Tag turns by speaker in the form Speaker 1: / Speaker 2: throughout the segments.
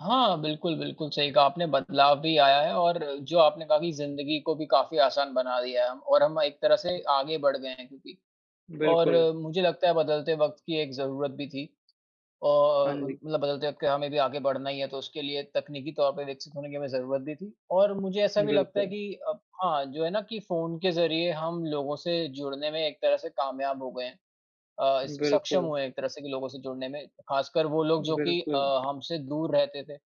Speaker 1: हाँ, बिल्कुल, बिल्कुल सही कहा आपने। बदलाव भी आया है और जो आपने कहा कि ज़िंदगी को भी काफ़ी आसान बना दिया है हम और हम एक तरह से आगे बढ़ गए हैं क्योंकि। और
Speaker 2: बिल्कुल।
Speaker 1: मुझे लगता है बदलते वक़्त की एक ज़रूरत भी थी।
Speaker 2: हाँ
Speaker 1: और अ,
Speaker 2: जी।
Speaker 1: मतलब बदलते वक़्त में हमें भी आगे बढ़ना ही है तो उसके लिए तकनीकी तौर पे विकसित होने की हमें ज़रूरत भी थी। और मुझे ऐसा भी लगता है
Speaker 2: बिल्कुल।
Speaker 1: कि अब हाँ जो है ना कि फ़ोन के ज़रिए हम लोगों से जुड़ने में एक तरह से कामयाब हो गए हैं। अ, स सक्षम
Speaker 2: बिल्कुल।
Speaker 1: हुए एक तरह से कि लोगों से जुड़ने में ख़ासकर वो लोग जो कि अ,
Speaker 2: बिल्कुल।
Speaker 1: हमसे दूर रहते थे।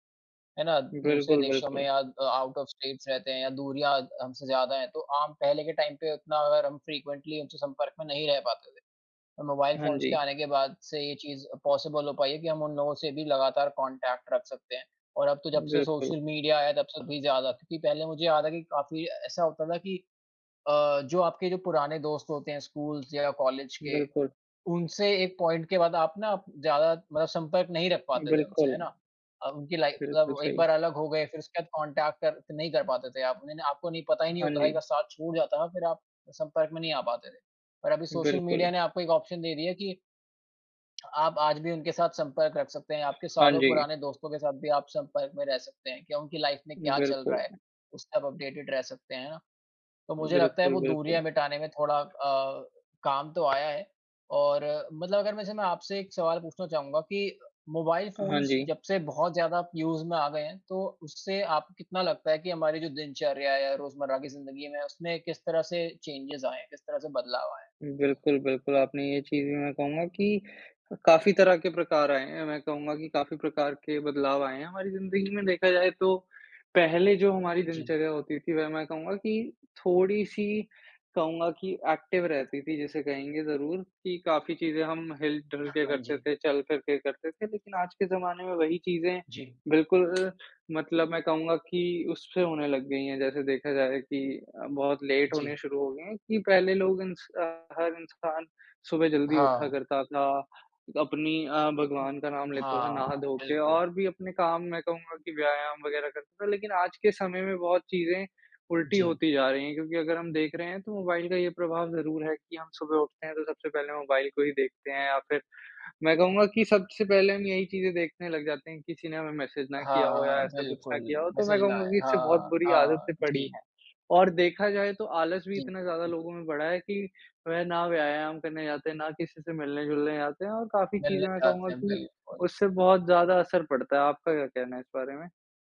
Speaker 1: है ना दूसरे
Speaker 2: बिल्कुल,
Speaker 1: देशों में
Speaker 2: बिल्कुल।
Speaker 1: या अ, आउट ऑफ़ स्टेट्स रहते हैं या दूरियाँ द हमसे ज़्यादा हैं। तो आम पहले के टाइम पे उतना अगर हम फ्रिक्वेंटली उनसे संपर्क में नहीं रह पाते थे। तो मोबाइल
Speaker 2: हाँ
Speaker 1: फ़ोन्स के
Speaker 2: जी।
Speaker 1: आने के बाद से ये चीज़ पॉसिबल हो पाई है कि हम उन लोगों से भी लगातार कांटेक्ट रख सकते हैं। और अब तो जब से
Speaker 2: बिल्कुल।
Speaker 1: सोशल मीडिया आया तब से थोड़ी ज़्यादा। क्योंकि पहले मुझे याद है कि काफ़ी ऐसा होता था कि अ, जो आपके जो पुराने दोस्त होते हैं स्कूल्स या कॉलेज के,
Speaker 2: बिल्कुल।
Speaker 1: उनसे एक पॉइंट के बाद आप ना ज़्यादा मतलब संपर्क नहीं रख पाते थे उनसे। है
Speaker 2: बिल्कुल।
Speaker 1: ना? अ, उनकी लाइफ़
Speaker 2: बिल्कुल
Speaker 1: मतलब एक
Speaker 2: सही।
Speaker 1: बार अलग हो गए फ़िर उसके बाद कांटेक्ट कर नहीं कर पाते थे आप। उन्होंने आपको नहीं पता ही नहीं
Speaker 2: हाँ
Speaker 1: होता था एक
Speaker 2: जी।
Speaker 1: बार साथ छूट जाता है ना फ़िर आप संपर्क में नहीं आ पाते थे। और अभी सोशल मीडिया
Speaker 2: बिल्कुल।
Speaker 1: ने आपको एक ऑप्शन दे दिया है कि आप आज भी उनके साथ संपर्क रख सकते हैं। आपके
Speaker 2: हाँ
Speaker 1: सालों
Speaker 2: जी।
Speaker 1: पुराने दोस्तों के साथ भी आप संपर्क में रह सकते हैं कि उनकी लाइफ़ में क्या चल
Speaker 2: बिल्कुल।
Speaker 1: रहा है, उससे आप अपडेटेड रह सकते हैं। तो मुझे लगता है
Speaker 2: बिल्कुल,
Speaker 1: वो
Speaker 2: बिल्कुल।
Speaker 1: दूरियाँ मिटाने में थोड़ा अ, काम तो आया है। और मतलब अगर मैं जैसे आपसे एक सवाल पूछना चाहूँगा कि मोबाइल
Speaker 2: हाँ
Speaker 1: फ़ोन्स
Speaker 2: जी।
Speaker 1: जब से बहुत ज़्यादा यूज़ में आ गए हैं तो उससे आप को कितना लगता है कि हमारी जो दिनचर्या है या रोज़मर्रा की ज़िंदगी में, उसमें किस तरह से चेंजेज़ आए हैं, किस तरह से बदलाव आया है?
Speaker 2: बिल्कुल, बिल्कुल। आपने ये चीज़ भी, मैं कहूँगा कि अ, काफ़ी तरह के प्रकार आए हैं मैं कहूँगा कि काफ़ी प्रकार के बदलाव आए हैं हमारी ज़िंदगी में। देखा जाए तो पहले जो हमारी
Speaker 1: जी।
Speaker 2: दिनचर्या होती थी वह मैं कहूँगा कि थोड़ी-सी कहूँगा कि एक्टिव रहती थी जिसे कहेंगे ज़रूर कि काफ़ी चीजें हम हिल-डुल के
Speaker 1: हाँ
Speaker 2: करते
Speaker 1: जी।
Speaker 2: थे, चल-फ़िर के करते थे। लेक़िन आज के ज़माने में वही चीज़ें
Speaker 1: जी।
Speaker 2: बिल्कुल मतलब मैं कहूँगा कि उससे होने लग गई हैं। जैसे देखा जाए कि अ, बहुत लेट होने
Speaker 1: जी।
Speaker 2: शुरू हो गई हैं कि पहले लोग, इंस अ, हर इंसान सुबह जल्दी उठा
Speaker 1: हाँ।
Speaker 2: करता था। अपनी अ, भगवान का नाम लेता था
Speaker 1: हाँ,
Speaker 2: नहा-धो के
Speaker 1: बिल्कुल।
Speaker 2: और भी अपने काम मैं कहूँगा कि व्यायाम वग़ैरह करता था लेक़िन आज के समय में बहुत चीज़ें उल्टी
Speaker 1: जी।
Speaker 2: होती जा रही हैं। क्योंकि अगर हम देख रहे हैं तो मोबाइल का ये प्रभाव ज़रूर है कि हम सुबह उठते हैं तो सबसे पहले मोबाइल को ही देखते हैं। या फ़िर मैं कहूँगा कि सबसे पहले हम यही चीज़ें देखने लग जाते हैं कि किसी ने हमें मैसेज़ ना किया हो या
Speaker 1: हाँ,
Speaker 2: ऐसा कुछ ना
Speaker 1: बिल्कुल।
Speaker 2: किया हो तो मैं
Speaker 1: मैसेज़ ना
Speaker 2: कहूँगा
Speaker 1: आए।
Speaker 2: कि इससे बहुत
Speaker 1: हाँ,
Speaker 2: बुरी
Speaker 1: हाँ
Speaker 2: आदतें पड़ी
Speaker 1: जी।
Speaker 2: हैं। और देखा जाए तो आलस भी
Speaker 1: जी।
Speaker 2: इतना ज़्यादा लोगों में बढ़ा है कि वह ना व्यायाम करने जाते हैं, ना किसी से मिलने-जुलने जाते हैं और काफ़ी
Speaker 1: मिलने
Speaker 2: चीज़ें मैं कहूँगा
Speaker 1: जाते हैं,
Speaker 2: कि
Speaker 1: बिल्कुल।
Speaker 2: उससे बहुत ज़्यादा असर पड़ता है। आपका क्या कहना है इस बारे में?